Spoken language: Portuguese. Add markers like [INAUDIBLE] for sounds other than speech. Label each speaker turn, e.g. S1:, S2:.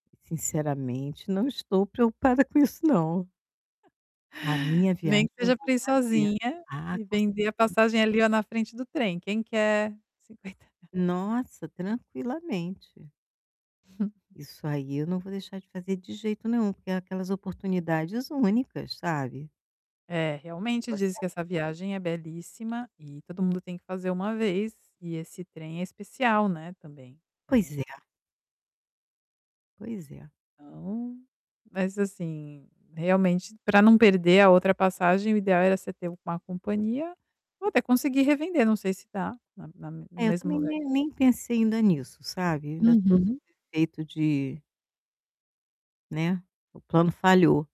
S1: Sinceramente, não estou preocupada com isso não. A minha
S2: Nem
S1: viagem
S2: que
S1: eu
S2: seja
S1: vou
S2: para ir
S1: fazer.
S2: sozinha,
S1: Ah,
S2: e
S1: com certeza
S2: vender a passagem ali olha na frente do trem: "Quem quer?" Cinquenta rea
S1: Nossa, tranquilamente.
S2: [CHUCKLES]
S1: Isso aí eu não vou deixar de fazer de jeito nenhum. Porque é aquelas oportunidades únicas, sabe?
S2: É,
S1: Que
S2: realmente,
S1: você
S2: diz que
S1: a
S2: essa viagem é belíssima, e todo mundo tem que fazer uma vez e esse trem é especial, né, também.
S1: Pois
S2: É
S1: é. Pois é.
S2: Então mas assim, realmente para não perder a outra passagem o ideal era você ter uma companhia, ou até conseguir revender, não sei se dá, na na no
S1: É, eu
S2: mesmo
S1: também
S2: lugar.
S1: nem nem pensei ainda nisso, sabe? Ainda estou sob
S2: Uhum.
S1: efeito de Né, o plano falhou.